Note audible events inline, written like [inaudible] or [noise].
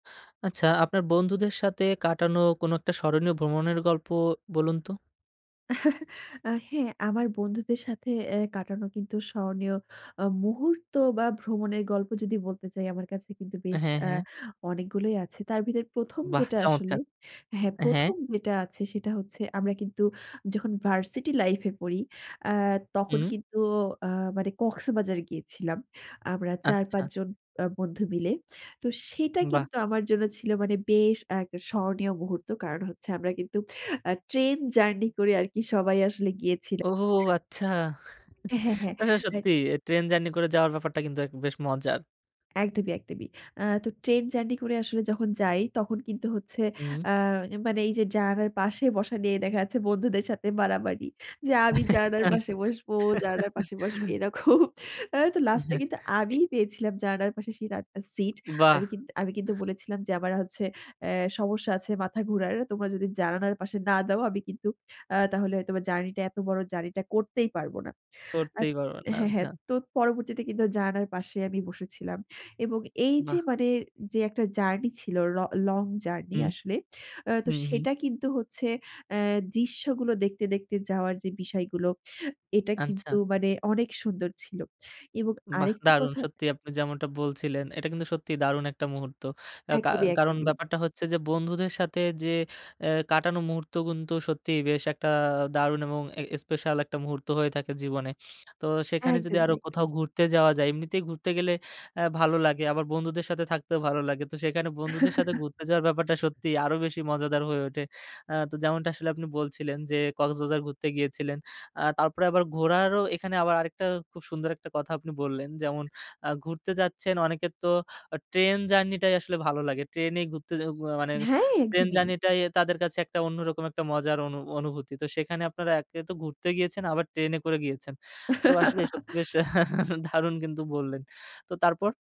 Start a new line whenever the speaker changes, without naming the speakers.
আচ্ছা আপনার বন্ধুদের সাথে কাটানো কোনো একটা স্মরণীয় ভ্রমণের গল্প বলুন তো?
[chuckles] আ হ্যাঁ, আমার বন্ধুদের সাথে অ্যাঁ কাটানো কিন্তু স্মরণীয় আ মুহূর্ত বা ভ্রমণের গল্প যদি বলতে চাই আমার কাছে কিন্তু বেশ
হ্যাঁ, হ্যাঁ।
অ্যাঁ অনেকগুলোই আছে। তার ভিতরে ১ম
বাহ!
যেটা আসলে,
চমৎকার।
হ্যাঁ
হ্যাঁ।
১ম যেটা আছে, সেটা হচ্ছে আমরা কিন্তু যখন ভার্সিটি লাইফ এ পড়ি। আ তখন
হুম।
কিন্তু আ মানে কক্সবাজার গিয়েছিলাম। আমরা চার
আচ্ছা।
পাঁচ জন আ বন্ধু মিলে। তো সেটা
বাহ!
কিন্তু আমার জন্য ছিল মানে বেশ আরেকটা স্মরণীয় মুহূর্ত। কারণ হচ্ছে আমরা কিন্তু আ ট্রেন জার্নি করে আরকি সবাই আসলে গিয়েছিলা
ওহ আচ্ছা।
হ্যাঁ,
[chuckles]
হ্যাঁ,
মানে
হ্যাঁ
সত্যিই ট্রেন জার্নি করে যাওয়ার ব্যাপারটা কিন্তু এক বেশ মজার।
একদমি, একদমি। আ তো ট্রেন জার্নি করে আসলে যখন যাই তখন কিন্তু হচ্ছে
হুম।
আ মানে এই যে জানালার পাশে বসা নিয়ে দেখা যাচ্ছে বন্ধুদের সাথে মারামারি। যা আমি জানালার পাশে বসব, জানালার পাশে বসবি না
[laughs]
খুব আ তো
অ্যা
লাস্ট এ
হ্যাঁ,
কিন্তু
এ
আমি পেয়েছিলাম জানালার পাশে শিট আ সিট।
বাহ!
আমি কিন্তু আমি কিন্তু বলেছিলাম যে আমার হচ্ছে অ্যাঁ সমস্যা আছে মাথা ঘুরার। তোমরা যদি জানালার পাশে না দাও আমি কিন্তু আ তাহলে হয়তোবা জার্নি টা এত বড় জার্নি টা করতেই পারব না। আ
করতেই পারবে না।
হ্যাঁ,
আচ্ছা
হ্যাঁ। তো পরবর্তীতে কিন্তু জানালার পাশে আমি বসেছিলাম। এবং এই যে
বাহ!
মানে যে একটা জার্নি ছিল, ল লং জার্নি
হুম।
আসলে। আ তো
হুম, হুম।
সেটা কিন্তু হচ্ছে অ্যাঁ দৃশ্যগুলো দেখতে, দেখতে, যাওয়ার যে বিষয়গুলো এটা
আচ্ছা
কিন্তু মানে অনেক সুন্দর ছিল। এবং
বাহ!
আরেকটা
দারুণ
কথা
সত্যিই আপনি যেমনটা বলছিলেন। এটা কিন্তু সত্যিই দারুণ একটা মুহূর্ত। আ কা
একদমি,
কারণ
একদমি।
ব্যাপারটা হচ্ছে যে বন্ধুদের সাথে যে অ্যাঁ কাটানো মুহূর্ত কিন্তু সত্যিই বেশ একটা দারুণ এবং এ স্পেশাল একটা মুহূর্ত হয়ে থাকে জীবনে। তো সেখানে যদি
একদমই,
আরো কোথাও
একদমই।
ঘুরতে যাওয়া যায় এমনিতেই ঘুরতে গেলে আ ভালো লাগে। আবার বন্ধুদের সাথে থাকতেও ভালো লাগে। তো সেখানে বন্ধুদের সাথে
[chuckles]
ঘুরতে যাওয়ার ব্যাপারটা সত্যিই আরো বেশি মজাদার হয়ে ওঠে। আ তো যেমনটা আসলে আপনি বলছিলেন যে, কক্সবাজার ঘুরতে গিয়েছিলেন। আ তারপরে আবার ঘোরারও এখানে আবার আরেকটা খুব সুন্দর একটা কথা আপনি বললেন যেমন আ ঘুরতে যাচ্ছেন অনেকের তো আ ট্রেন জার্নি টাই আসলে ভালো লাগে। ট্রেন এ ঘুরতে যে উয়া মানে
হ্যাঁ
ট্রেন
একদমি।
জার্নি টাই তাদের কাছে একটা অন্যরকম একটা মজার অনু অনুভূতি। তো সেখানে আপনারা একে তো ঘুরতে গিয়েছেন আবার ট্রেনে করে গিয়েছেন। তো আসলে সত্যি আসা
[chuckles]
[chuckles] দারুন কিন্তু বললেন। তো তারপর?